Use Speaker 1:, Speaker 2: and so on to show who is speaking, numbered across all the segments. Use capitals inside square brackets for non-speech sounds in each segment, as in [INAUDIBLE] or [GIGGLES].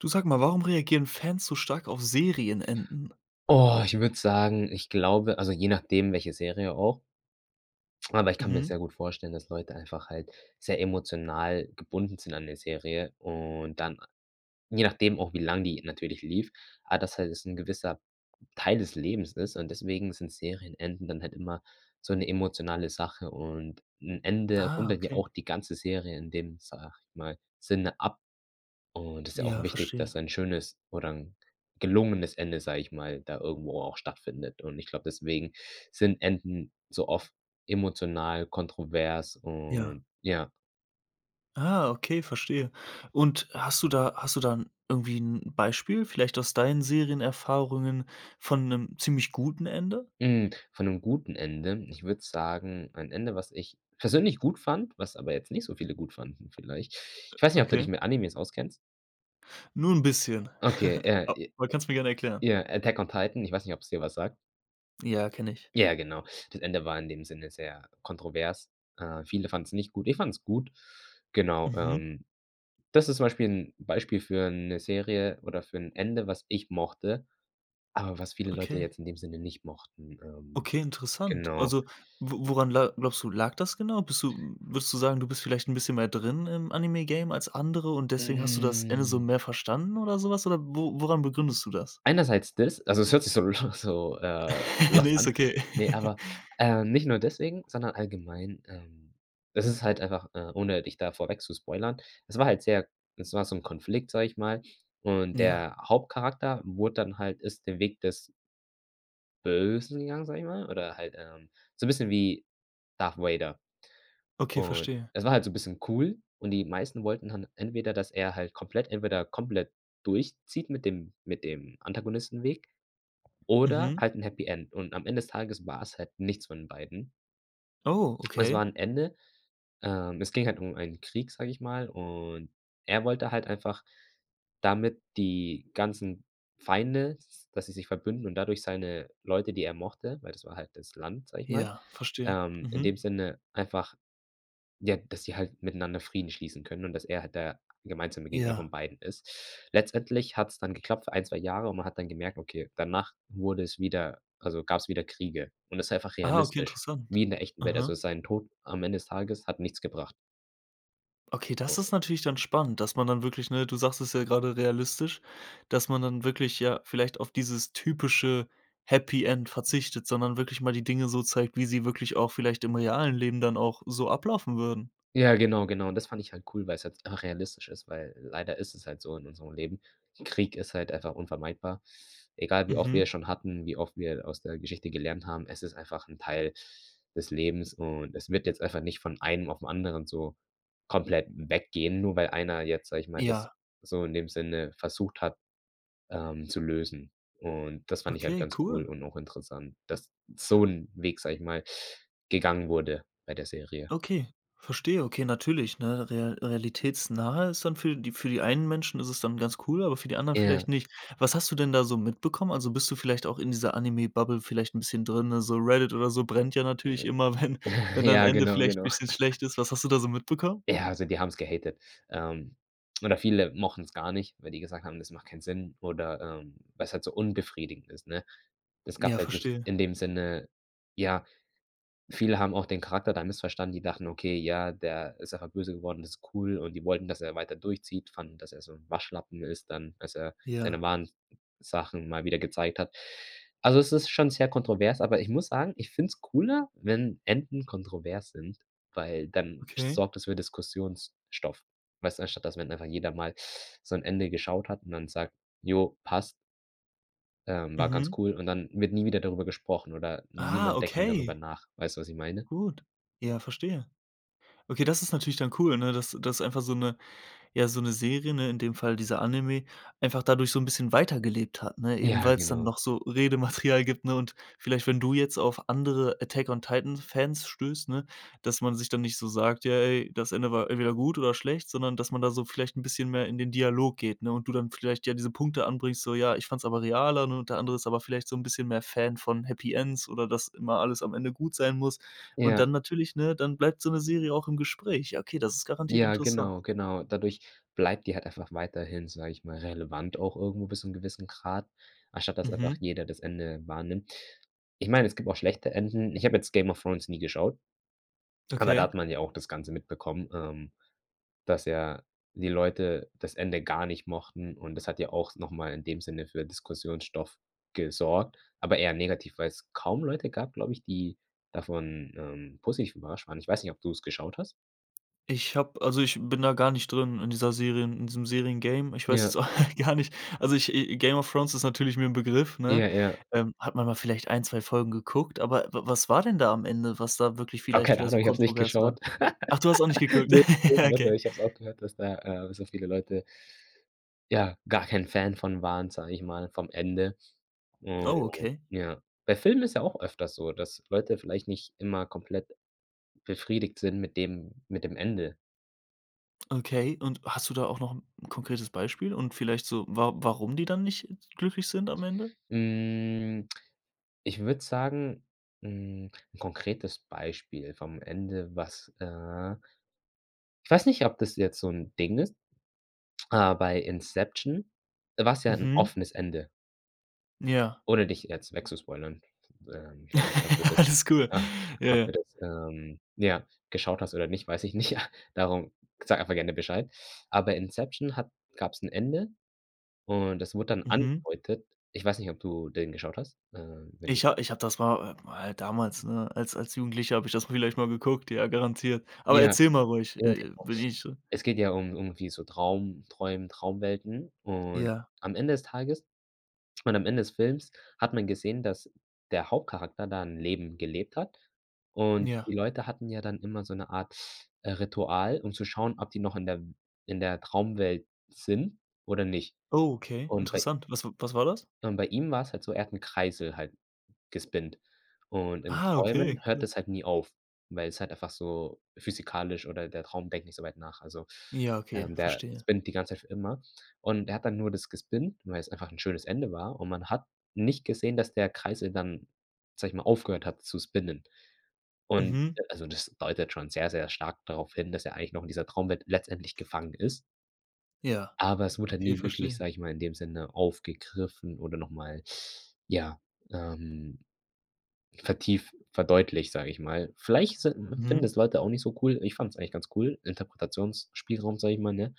Speaker 1: Du, sag mal, warum reagieren Fans so stark auf Serienenden?
Speaker 2: Oh, ich würde sagen, ich glaube also je nachdem welche Serie auch. Aber ich kann mir
Speaker 1: Mhm.
Speaker 2: sehr gut vorstellen, dass Leute einfach halt sehr emotional gebunden sind an der Serie und dann je nachdem auch wie lang die natürlich lief, aber das halt es 'n gewisser Teil des Lebens ist, und deswegen sind Serienenden dann halt immer so 'ne emotionale Sache. Und 'n Ende
Speaker 1: Ah,
Speaker 2: rundet ja
Speaker 1: okay.
Speaker 2: auch die ganze Serie in dem, sage ich mal, Sinne ab. Und ist ja auch
Speaker 1: Ja,
Speaker 2: wichtig,
Speaker 1: verstehe.
Speaker 2: dass ein schönes oder 'n gelungenes Ende, sage ich mal, da irgendwo auch stattfindet. Und ich glaube, deswegen sind Enden so oft emotional kontrovers
Speaker 1: Ja.
Speaker 2: und ja.
Speaker 1: Ah, okay, verstehe. Und, hast du da hast du da 'n irgendwie 'n Beispiel, vielleicht aus deinen Serienerfahrungen von 'nem ziemlich guten Ende?
Speaker 2: Hm, von 'nem guten Ende? Ich würde sagen, ein Ende, was ich persönlich gut fand, was aber jetzt nicht so viele gut fanden vielleicht. Ich weiß nicht, ob du dich
Speaker 1: Okay.
Speaker 2: mit Animes auskennst?
Speaker 1: Nur 'n bisschen.
Speaker 2: Okay,
Speaker 1: [LAUGHS]
Speaker 2: ja, i
Speaker 1: Aber kannst du mir gerne erklären.
Speaker 2: ja „Attack on Titan“. Ich weiß nicht, ob's dir was sagt.
Speaker 1: Ja, kenne ich.
Speaker 2: Ja, genau. Das Ende war in dem Sinne sehr kontrovers. Äh, viele fanden es nicht gut. Ich fand es gut. Genau,
Speaker 1: Mhm.
Speaker 2: ähm. Das ist zum Beispiel 'n Beispiel für 'ne Serie oder für 'n Ende, was ich mochte, aber was viele Leute
Speaker 1: Okay.
Speaker 2: jetzt in dem Sinne nicht mochten. Ähm,
Speaker 1: Okay, interessant.
Speaker 2: genau.
Speaker 1: Also, wo woran la glaubst du, lag das genau? Bist du würdest du sagen, du bist vielleicht 'n bisschen mehr drin im Anime-Game als andere und deswegen hast du das Ende so
Speaker 2: Hm.
Speaker 1: mehr verstanden oder sowas oder wo woran begründest du das?
Speaker 2: Einerseits des also es hört sich so l so, äh,
Speaker 1: [LAUGHS] Ne,
Speaker 2: lost
Speaker 1: ist
Speaker 2: an.
Speaker 1: okay.
Speaker 2: Ne,
Speaker 1: [LAUGHS]
Speaker 2: aber, ähm, nicht nur deswegen, sondern allgemein, ähm. Das ist halt einfach, äh, ohne dich da vorweg zu spoilern, es war halt sehr es war so 'n Konflikt, sage ich mal, und
Speaker 1: Ja.
Speaker 2: der Hauptcharakter wurde dann halt ist den Weg des Bösen gegangen, sage ich mal, oder halt, ähm, so 'n bisschen wie Darth Vader.
Speaker 1: Okay,
Speaker 2: Und,
Speaker 1: verstehe.
Speaker 2: es war halt so 'n bisschen cool und die meisten wollten dann entweder, dass er halt komplett entweder komplett durchzieht mit dem mit dem Antagonistenweg oder
Speaker 1: Mhm.
Speaker 2: halt 'n Happy End. Und am Ende des Tages war es halt nichts von den beiden.
Speaker 1: Oh,
Speaker 2: Es war
Speaker 1: okay.
Speaker 2: 'n Ende. Ähm, es ging halt um einen Krieg, sage ich mal, und er wollte halt einfach damit die ganzen Feinde, s s dass sie sich verbünden und dadurch seine Leute, die er mochte weil das war halt das Land, sage ich mal.
Speaker 1: Ja, verstehe.
Speaker 2: Ähm, in
Speaker 1: Mhm.
Speaker 2: dem Sinne einfach, ja, dass sie halt miteinander Frieden schließen können und dass er halt der a gemeinsame Gegner
Speaker 1: Ja.
Speaker 2: von beiden ist. Letztendlich hat's dann geklappt für 1, 2 Jahre und man hat dann gemerkt, okay, danach wurde es wieder also, gab's wieder Kriege und das ist einfach
Speaker 1: Ah, okay,
Speaker 2: realistisch,
Speaker 1: interessant.
Speaker 2: wie in der echten Welt. Also,
Speaker 1: Aha.
Speaker 2: sein Tod am Ende des Tages hat nichts gebracht.
Speaker 1: Okay, das ist natürlich dann spannend, dass man dann wirklich, ne du sagst es ja gerade realistisch, dass man dann wirklich ja vielleicht auf dieses typische Happy-End verzichtet, sondern wirklich mal die Dinge so zeigt, wie sie wirklich auch vielleicht im realen Leben dann auch so ablaufen würden.
Speaker 2: Ja, genau, genau. Und das fand ich halt cool, weil's halt, ah, realistisch ist, weil, leider ist es halt so in unserem Leben. Krieg ist halt einfach unvermeidbar. Egal, wie oft wir
Speaker 1: Mhm.
Speaker 2: es schon hatten, wie oft wir aus der Geschichte gelernt haben, es ist einfach 'n Teil des Lebens und es wird jetzt einfach nicht von einem auf den anderen so komplett w weggehen, nur weil einer jetzt, sage ich mal, das
Speaker 1: Ja.
Speaker 2: so in dem Sinne versucht hat, ähm, zu lösen. Und das fand ich halt
Speaker 1: Okay,
Speaker 2: ganz cool
Speaker 1: cool.
Speaker 2: und auch interessant, dass so 'n Weg, sage ich mal, gegangen wurde bei der Serie.
Speaker 1: Okay, verstehe. Okay, natürlich, ne, rea realitätsnahe ist dann für die für die einen Menschen ist es dann ganz cool, aber für die anderen
Speaker 2: Ja.
Speaker 1: vielleicht nicht. Was hast du denn da so mitbekommen? Also, bist du vielleicht auch in dieser Anime Bubble vielleicht 'n bisschen drin, also Reddit oder so brennt ja natürlich
Speaker 2: Ne.
Speaker 1: immer, wenn wenn
Speaker 2: [CHUCKLES]
Speaker 1: da 'n
Speaker 2: Ja,
Speaker 1: Ende
Speaker 2: genau,
Speaker 1: vielleicht 'n
Speaker 2: genau.
Speaker 1: bisschen
Speaker 2: [LAUGHS]
Speaker 1: schlecht ist. Was hast du da so mitbekommen?
Speaker 2: Ja, also, die haben's gehatet. Ähm, oder viele mochten's gar nicht, weil die gesagt haben, das macht keinen Sinn oder, ähm, weil's halt so unbefriedigend ist, ne? Es gab
Speaker 1: Ja,
Speaker 2: halt nicht
Speaker 1: verstehe.
Speaker 2: in dem Sinne ja, viele haben auch den Charakter da missverstanden. Die dachten, okay, ja, der ist einfach böse geworden, das ist cool und die wollten, dass er weiter durchzieht, fanden, dass er so 'n Waschlappen ist dann, als er
Speaker 1: Ja.
Speaker 2: seine wahren n n Sachen mal wieder gezeigt hat. Also, es ist schon sehr kontrovers, aber ich muss sagen, ich find es cooler, wenn Enden kontrovers sind, weil dann
Speaker 1: Okay.
Speaker 2: sorgt es für Diskussionsstoff. Weißt du, anstatt dass wenn einfach jeder mal so 'n Ende geschaut hat und dann sagt: „Ja, passt” ähm, war ganz
Speaker 1: Mhm.
Speaker 2: cool und dann wird nie wieder darüber gesprochen oder
Speaker 1: Ah,
Speaker 2: niemand denkt mehr darüber
Speaker 1: okay.
Speaker 2: nach. Weißt du, was ich meine?
Speaker 1: Gut. Ja, verstehe. Okay, das ist natürlich dann cool, ne? Dass dass einfach so 'ne ja, so 'ne Serie, ne, in dem Fall dieser Anime, einfach dadurch so 'n bisschen weitergelebt hat, ne? Eben
Speaker 2: Ja,
Speaker 1: weil's dann
Speaker 2: genau.
Speaker 1: noch so Redematerial gibt, ne? Und vielleicht, wenn du jetzt auf andere Attack-on-Titan-Fans stößt, ne, dass man sich dann nicht so sagt ja: „Ey, das Ende war entweder gut oder schlecht", sondern dass man da so vielleicht 'n bisschen mehr in den Dialog geht, ne? Und du dann vielleicht ja diese Punkte anbringst, so: „Ja, ich fand es aber realer" und der andere ist aber vielleicht so 'n bisschen mehr Fan von Happy Ends oder das immer alles am Ende gut sein muss. Und
Speaker 2: Ja.
Speaker 1: dann natürlich, ne, dann bleibt so 'ne Serie auch im Gespräch. Ja, okay, das ist garantiert
Speaker 2: Ja,
Speaker 1: interessant.
Speaker 2: genau, genau. Dadurch bleibt die halt einfach weiterhin, sage ich mal, relevant auch irgendwo bis zu 'nem gewissen Grad, anstatt dass einfach
Speaker 1: Mhm.
Speaker 2: jeder das Ende wahrnimmt. Ich meine, es gibt auch schlechte Enden. Ich habe jetzt „Game of Thrones“ nie geschaut aber da
Speaker 1: Okay.
Speaker 2: hat man ja auch das Ganze mitbekommen, ähm, dass ja die Leute das Ende gar nicht mochten und das hat ja auch noch mal in dem Sinne für Diskussionsstoff gesorgt, aber eher negativ, weil's kaum Leute gab, glaube ich, die davon, ähm, positiv überrascht waren. Ich weiß nicht, ob du's geschaut hast?
Speaker 1: Ich habe also, ich bin da gar nicht drin in dieser Serien in diesem Serien-Game. Ich weiß
Speaker 2: Ja.
Speaker 1: jetzt [CHUCKLES] auch gar nicht, also, i ich „Game of Thrones“ ist natürlich mir 'n Begriff, ne?
Speaker 2: Ja. Ja.
Speaker 1: Ähm, hat man mal vielleicht 1, 2 Folgen geguckt, aber w was war denn da am Ende, was da wirklich
Speaker 2: Oh,
Speaker 1: vielleicht
Speaker 2: keine
Speaker 1: wieder
Speaker 2: Ahnung,
Speaker 1: so
Speaker 2: ich habe es nicht
Speaker 1: kontrovers war?
Speaker 2: geschaut.
Speaker 1: Ach, du hast auch nicht
Speaker 2: [LAUGHS]
Speaker 1: geguckt?
Speaker 2: Ne [UNINTELLIGIBLE]
Speaker 1: [CHUCKLES]
Speaker 2: ne,
Speaker 1: Okay.
Speaker 2: ne ich habe es auch gehört, dass da, äh dass da viele Leute ja, gar kein Fan von waren, sage ich mal, vom Ende. Oh,
Speaker 1: Oh, okay.
Speaker 2: ja. Bei Filmen ist ja auch öfters so, dass Leute vielleicht nicht immer komplett befriedigt sind mit dem mit dem Ende.
Speaker 1: Okay, und hast du da auch noch 'n konkretes Beispiel und vielleicht so, wa warum die dann nicht glücklich sind am Ende?
Speaker 2: Hm, ich würde sagen, 'n konkretes Beispiel vom Ende, was äh, ich weiß nicht, ob das jetzt so 'n Ding ist, aber bei Inception, da war's ja 'n
Speaker 1: Mhm.
Speaker 2: offenes Ende
Speaker 1: Ja.
Speaker 2: ohne dich jetzt weg zu spoilern. Ähm, ich weiß nicht, ob du
Speaker 1: [LAUGHS]
Speaker 2: das
Speaker 1: Alles cool.
Speaker 2: [GROANS]
Speaker 1: Ja
Speaker 2: ob du
Speaker 1: ja.
Speaker 2: das, ähm ja, geschaut hast oder nicht, weiß ich nicht, ja. Darum sag einfach gerne Bescheid. Aber Inception hat gab's 'n Ende und es wurde dann
Speaker 1: Mhm.
Speaker 2: angedeutet. Ich weiß nicht, ob du den geschaut hast, ähm, wenn du
Speaker 1: Ich hab ich habe das mal mal damals, ne? Als als Jugendlicher habe ich das vielleicht mal geguckt, ja, garantiert. Aber
Speaker 2: Ja
Speaker 1: erzähl mal ruhig,
Speaker 2: [UNINTELLIGIBLE]
Speaker 1: äh [UNINTELLIGIBLE]
Speaker 2: Es geht ja um um irgendwie so Traum träumen Traumwelten und
Speaker 1: Ja.
Speaker 2: am Ende des Tages und am Ende des Films hat man gesehen, dass der Hauptcharakter da 'n Leben gelebt hat und
Speaker 1: Ja.
Speaker 2: die Leute hatten ja dann immer so 'ne Art, äh, Ritual, um zu schauen, ob die noch in der in der Traumwelt sind oder nicht.
Speaker 1: Okay,
Speaker 2: Und bei
Speaker 1: interessant. Was w was war das?
Speaker 2: und bei ihm war's halt so, er hat 'n Kreisel halt gespinnt und in
Speaker 1: Ah,
Speaker 2: Träumen
Speaker 1: okay,
Speaker 2: hört
Speaker 1: cool.
Speaker 2: das halt nie auf, weil es halt einfach so physikalisch oder der Traum denkt nicht so weit nach. Also,
Speaker 1: Ja, okay,
Speaker 2: der
Speaker 1: verstehe.
Speaker 2: spinnt die ganze Zeit für immer und er hat dann nur das gespinnt, weil es einfach 'n schönes Ende war und man hat nicht gesehen, dass der Kreisel dann, sage ich mal, aufgehört hat zu spinnen und,
Speaker 1: Mhm.
Speaker 2: äh, also, das deutet schon sehr, sehr stark darauf hin, dass er eigentlich noch in dieser Traumwelt letztendlich gefangen ist
Speaker 1: Ja.
Speaker 2: aber es wurde halt
Speaker 1: Okay,
Speaker 2: nie wirklich,
Speaker 1: verstehe.
Speaker 2: sage ich mal, in dem Sinne aufgegriffen oder noch mal ja, ähm, vertieft verdeutlicht, sage ich mal. Vielleicht sind finden
Speaker 1: Mhm.
Speaker 2: es Leute auch nicht so cool. Ich fand es eigentlich ganz cool, Interpretationsspielraum, sage ich mal, ne?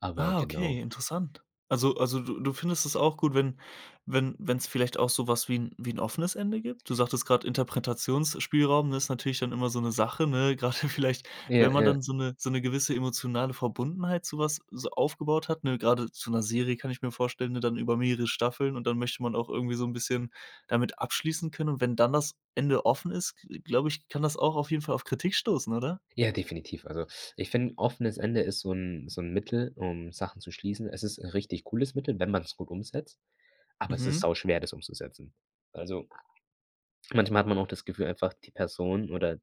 Speaker 2: Aber
Speaker 1: Ah, okay,
Speaker 2: genau.
Speaker 1: interessant. Also also, du du findest es auch gut, wenn wenn wenn's vielleicht auch so was wie 'n wie 'n offenes Ende gibt. Du sagtest grad Interpretationsspielraum ist natürlich dann immer so 'ne Sache, ne? Grade vielleicht,
Speaker 2: Ja,
Speaker 1: wenn man
Speaker 2: ja.
Speaker 1: dann so 'ne so 'ne gewisse emotionale Verbundenheit zu was so aufgebaut hat, ne? Grade zu 'ner Serie kann ich mir vorstellen, ne? Dann über mehrere Staffeln und dann möchte man auch irgendwie so 'n bisschen damit abschließen können und wenn dann das Ende offen ist, g glaube ich, kann das auch auf jeden Fall auf Kritik stoßen, oder?
Speaker 2: Ja, definitiv. Also, ich finde 'n offenes Ende ist so 'n so 'n Mittel um Sachen zu schließen. Es ist 'n richtig cooles Mittel, wenn man das gut umsetzt, aber es ist
Speaker 1: Mhm.
Speaker 2: sauschwer, das umzusetzen. Also, manchmal hat man auch das Gefühl einfach, die Person oder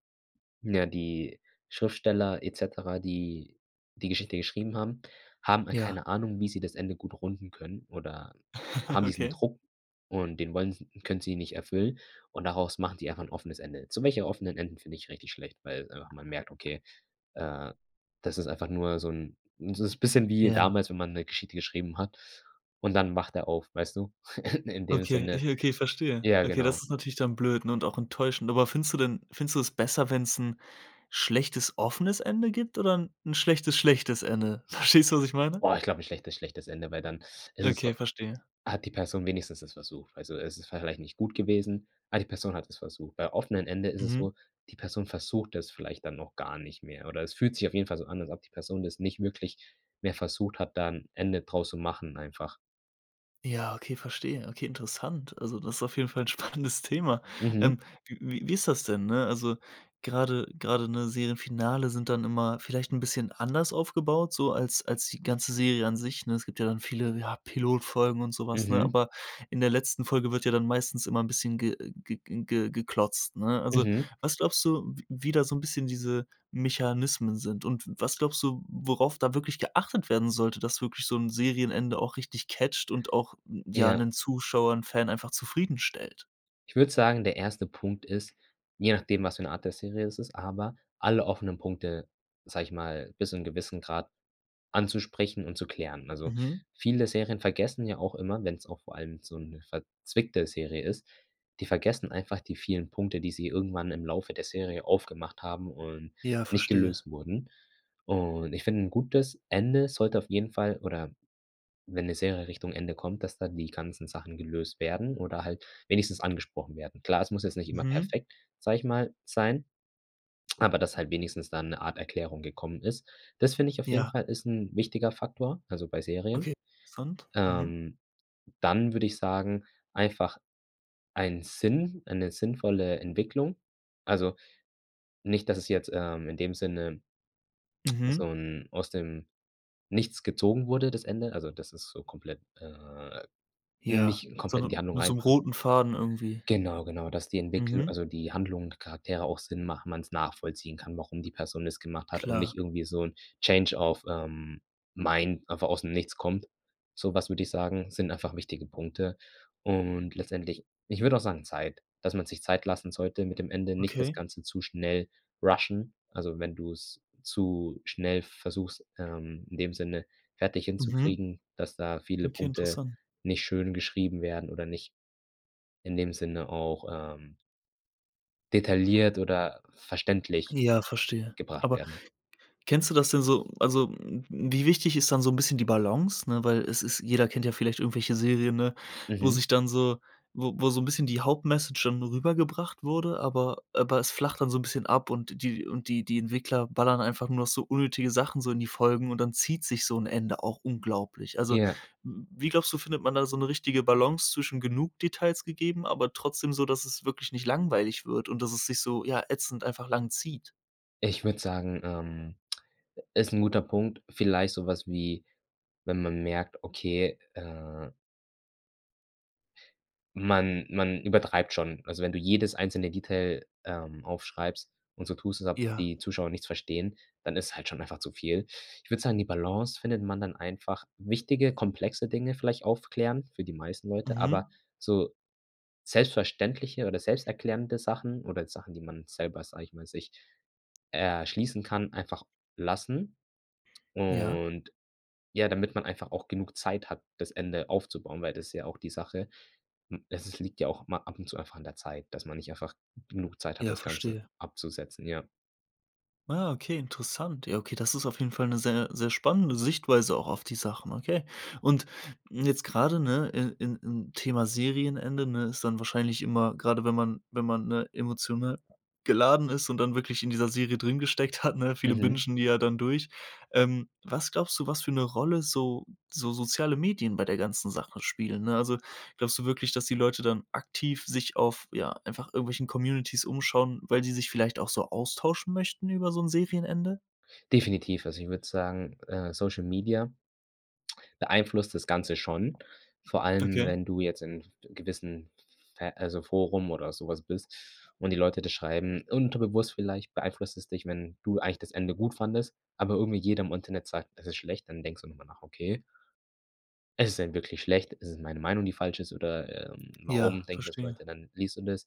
Speaker 2: ja, die Schriftsteller et cetera, die die Geschichte geschrieben haben, haben
Speaker 1: Ja.
Speaker 2: keine Ahnung, wie sie das Ende gut runden können oder
Speaker 1: [CHUCKLES]
Speaker 2: haben diesen
Speaker 1: Okay.
Speaker 2: Druck und den wollen s können sie ihn nicht erfüllen und daraus machen die einfach 'n offenes Ende, so welcher offenen Enden finde ich richtig schlecht, weil, äh, man merkt, okay, äh, das ist einfach nur so 'n das ist 'n bisschen wie
Speaker 1: Ja.
Speaker 2: damals, wenn man 'ne Geschichte geschrieben hat und dann wacht er auf, weißt du? [CHUCKLES] In dem
Speaker 1: Okay,
Speaker 2: Sinne,
Speaker 1: ich okay, verstehe.
Speaker 2: ja
Speaker 1: Okay,
Speaker 2: genau.
Speaker 1: das ist natürlich dann blöd, ne? Und auch enttäuschend, aber findest du denn findest du es besser, wenn's 'n schlechtes offenes Ende gibt oder 'n schlechtes schlechtes Ende? Verstehst du, was ich meine?
Speaker 2: Boah, ich glaube, 'n schlechtes schlechtes Ende, weil dann ist es so
Speaker 1: Okay, verstehe.
Speaker 2: hat die Person wenigstens es versucht, also, es ist vielleicht nicht gut gewesen, aber die Person hat es versucht. Bei offenen Ende ist es
Speaker 1: Mhm.
Speaker 2: so, die Person versucht es vielleicht dann noch gar nicht mehr oder es fühlt sich auf jeden Fall so an, als ob die Person das nicht wirklich mehr versucht hat, da 'n Ende draus zu machen einfach.
Speaker 1: Ja, okay, verstehe. Okay, interessant. Also, das ist auf jeden Fall 'n spannendes Thema.
Speaker 2: Mhm.
Speaker 1: Ähm, wie wie ist das denn, ne, also grade grade, ne, Serienfinale sind dann immer vielleicht 'n bisschen anders aufgebaut so als als die ganze Serie an sich, ne? Es gibt ja dann viele, ja, Pilotfolgen und so was, ne?
Speaker 2: Mhm.
Speaker 1: Aber in der letzten Folge wird ja dann meistens immer 'n bisschen ge ge ge ge geklotzt, ne? Also,
Speaker 2: Mhm.
Speaker 1: was glaubst du, w wie da so 'n bisschen diese Mechanismen sind und w was glaubst du, worauf da wirklich geachtet werden sollte, dass wirklich so 'n Serienende auch richtig catcht und auch ja
Speaker 2: Ja.
Speaker 1: 'nen Zuschauer, 'n Fan einfach zufriedenstellt?
Speaker 2: Ich würde sagen, der 1. Punkt ist, je nachdem, was für 'ne Art der Serie es ist, aber alle offenen Punkte, sage ich mal, bis zum gewissen Grad anzusprechen und zu klären. Also,
Speaker 1: Mmh.
Speaker 2: viele Serien vergessen ja auch immer- wenn's auch vor allem so 'ne verzwickte Serie ist- die vergessen einfach die vielen Punkte, die sie irgendwann im Laufe der Serie aufgemacht haben und
Speaker 1: Ja,
Speaker 2: nicht
Speaker 1: verstehe.
Speaker 2: gelöst wurden. Und, ich finde 'n gutes Ende sollte auf jeden Fall oder wenn 'ne Serie Richtung Ende kommt, dass da die ganzen Sachen gelöst werden oder halt wenigstens angesprochen werden. Klar, es muss jetzt nicht immer
Speaker 1: Mhm.
Speaker 2: perfekt, sage ich mal, sein, aber dass halt wenigstens dann 'ne Art Erklärung gekommen ist. Das, finde ich, auf jeden
Speaker 1: Ja.
Speaker 2: Fall ist 'n wichtiger Faktor, also, bei Serien.
Speaker 1: Okay. Interessant. Mhm.
Speaker 2: Ähm, dann würde ich sagen, einfach ein Sinn, eine sinnvolle Entwicklung. Also, nicht, dass es jetzt, ähm, in dem Sinne so
Speaker 1: Mhm.
Speaker 2: 'n aus dem Nichts gezogen wurde das Ende, also dass es so komplett äh,
Speaker 1: Ja,
Speaker 2: nicht komplett in die
Speaker 1: sondern
Speaker 2: Handlung
Speaker 1: mit so 'nem
Speaker 2: reinpasst.
Speaker 1: roten Faden irgendwie.
Speaker 2: Genau, genau, dass die Entwicklu
Speaker 1: Mmh.
Speaker 2: also, die Handlung der Charaktere auch Sinn machen, man's nachvollziehen kann, warum die Person das gemacht hat und
Speaker 1: Klar.
Speaker 2: nicht irgendwie so 'n Change of, ähm, mind einfach aus'm nichts kommt. So was, würde ich sagen, sind einfach wichtige Punkte. Und letztendlich ich würde auch sagen, Zeit, dass man sich Zeit lassen sollte mit dem Ende, nicht das
Speaker 1: Okay.
Speaker 2: Ganze zu schnell rushen. Also, wenn du's zu schnell versuchst, ähm, in dem Sinne fertig
Speaker 1: Mhm.
Speaker 2: hinzukriegen, dass da viele
Speaker 1: Okay,
Speaker 2: Punkte
Speaker 1: interessant.
Speaker 2: nicht schön geschrieben werden oder nicht in dem Sinne auch, ähm detailliert oder verständlich
Speaker 1: Ja, verstehe.
Speaker 2: gebracht
Speaker 1: Aber
Speaker 2: werden.
Speaker 1: kennst du das denn so also, wie wichtig ist dann so 'n bisschen die Balance, ne, weil es ist jeder kennt ja vielleicht irgendwelche Serien, ne, wo sich
Speaker 2: Mhm.
Speaker 1: dann so w wo so 'n bisschen die Hauptmessage dann rübergebracht wurde, aber aber es flacht dann so 'n bisschen ab und die und die die Entwickler ballern einfach nur noch so unnötige Sachen so in die Folgen und dann zieht sich so 'n Ende auch unglaublich. Also,
Speaker 2: Ja.
Speaker 1: w wie, glaubst du, findet man da so 'ne richtige Balance zwischen, genug Details gegeben, aber trotzdem so, dass es wirklich nicht langweilig wird und dass es sich so, ja, ätzend einfach lang zieht?
Speaker 2: Ich würde sagen, ähm, ist 'n guter Punkt. Vielleicht so was wie, wenn man merkt, okay, äh Man man übertreibt schon. Also, wenn du jedes einzelne Detail, ähm, aufschreibst und so tust als ob
Speaker 1: Ja.
Speaker 2: die Zuschauer nichts verstehen, dann ist halt schon einfach zu viel. Ich würde sagen, die Balance findet man dann einfach wichtige, komplexe Dinge vielleicht aufklären für die meisten Leute, aber
Speaker 1: Mhm.
Speaker 2: so selbstverständliche oder selbsterklärende Sachen oder Sachen, die man selber, sage ich mal, sich erschließen kann, einfach lassen.
Speaker 1: Ja.
Speaker 2: Und ja, damit man einfach auch genug Zeit hat, das Ende aufzubauen, weil das ist ja auch die Sache. M es liegt ja auch mal ab und zu einfach an der Zeit, dass man nicht einfach g genug Zeit hat,
Speaker 1: Ja,
Speaker 2: das Ganze
Speaker 1: verstehe.
Speaker 2: abzusetzen, ja.
Speaker 1: Ah, okay, interessant. Ja, okay, das ist auf jeden Fall 'ne sehr, sehr spannende Sichtweise auch auf die Sachen, okay. Und, mm, jetzt gerade, ne? In in in Thema Serienende, ne, ist dann wahrscheinlich immer, gerade wenn man wenn man, ne, emotional [HICCUPS] geladen ist und dann wirklich in dieser Serie drin gesteckt hat, ne? Viele
Speaker 2: Mhm.
Speaker 1: Bingen die ja dann durch. Ähm, was glaubst du, was für 'ne Rolle so so soziale Medien bei der ganzen Sache spielen, ne? Also, glaubst du wirklich, dass die Leute dann aktiv, sich auf, ja, einfach irgendwelchen Communitys umschauen, weil sie sich vielleicht auch so austauschen möchten über so 'n Serienende?
Speaker 2: Definitiv, also ich würde sagen, äh, Social Media beeinflusst das Ganze schon. Vor allem
Speaker 1: Okay.
Speaker 2: wenn du jetzt in f gewissen ver also, Forum oder so was bist und die Leute das schreiben. Unterbewusst vielleicht beeinflusst es dich, wenn du eigentlich das Ende gut fandest, aber irgendwie jeder im Internet sagt, das ist schlecht, dann denkst du noch mal nach: „Okay?“ „Ist es denn wirklich schlecht? Ist es meine Meinung, die falsch ist oder, ähm, warum
Speaker 1: Ja,
Speaker 2: denken das
Speaker 1: verstehe.
Speaker 2: Leute?" Dann liest du das.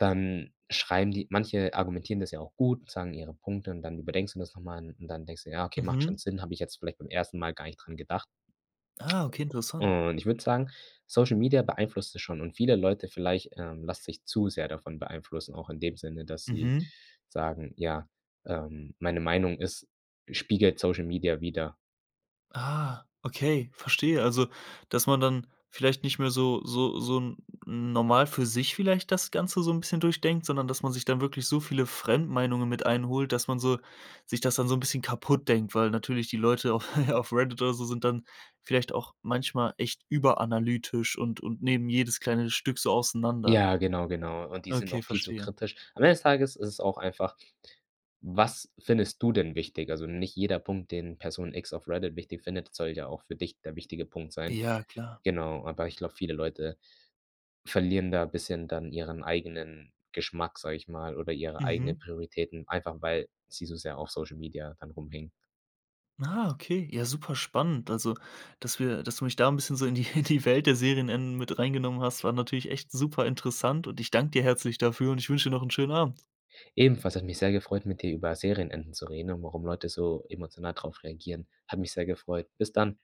Speaker 2: Dann schreiben die manche argumentieren das ja auch gut, sagen ihre Punkte und dann überdenkst du das noch mal n und dann denkst du: „Ja, okay, macht
Speaker 1: Mhm.
Speaker 2: schon Sinn, habe ich jetzt vielleicht beim 1. Mal gar nicht dran gedacht."
Speaker 1: Ah, okay, interessant.
Speaker 2: und ich würde sagen, Social Media beeinflusst es schon und viele Leute vielleicht, ähm, lassen sich zu sehr davon beeinflussen, auch in dem Sinne, dass sie
Speaker 1: Mhm.
Speaker 2: sagen: „Ja, ähm, meine Meinung ist spiegelt Social Media wider."
Speaker 1: Ah, okay, verstehe. Also, dass man dann vielleicht nicht mehr so so so 'n normal für sich vielleicht das Ganze so 'n bisschen durchdenkt, sondern dass man sich dann wirklich so viele Fremdmeinungen mit einholt, dass man so sich das dann so 'n bisschen kaputt denkt, weil natürlich die Leute auf [GIGGLES] auf Reddit oder so sind dann vielleicht auch manchmal echt überanalytisch und und nehmen jedes kleine Stück so auseinander.
Speaker 2: Ja, genau, genau und die sind auch
Speaker 1: Okay,
Speaker 2: viel zu
Speaker 1: verstehe.
Speaker 2: kritisch. Am Ende des Tages ist es auch einfach: Was findest du denn wichtig? Also, nicht jeder Punkt, den Person x auf Reddit wichtig findet, soll ja auch für dich der wichtige Punkt sein.
Speaker 1: Ja, klar.
Speaker 2: Genau, aber ich glaube, viele Leute verlieren da bisschen dann ihren eigenen Geschmack, sage ich mal oder ihre eigenen
Speaker 1: Mhm.
Speaker 2: Prioritäten, einfach weil sie so sehr auf Social Media dann rumhängen.
Speaker 1: Ah, okay, ja super spannend. Also, dass wir dass du mich da 'n bisschen so in die in die Welt der Serienenden mit reingenommen hast, war natürlich echt super interessant und ich danke dir herzlich dafür und ich wünsche dir noch 'n schönen Abend.
Speaker 2: Ebenfalls hat mich sehr gefreut, mit dir über Serienenden zu reden und warum Leute so emotional drauf reagieren. Hat mich sehr gefreut. Bis dann.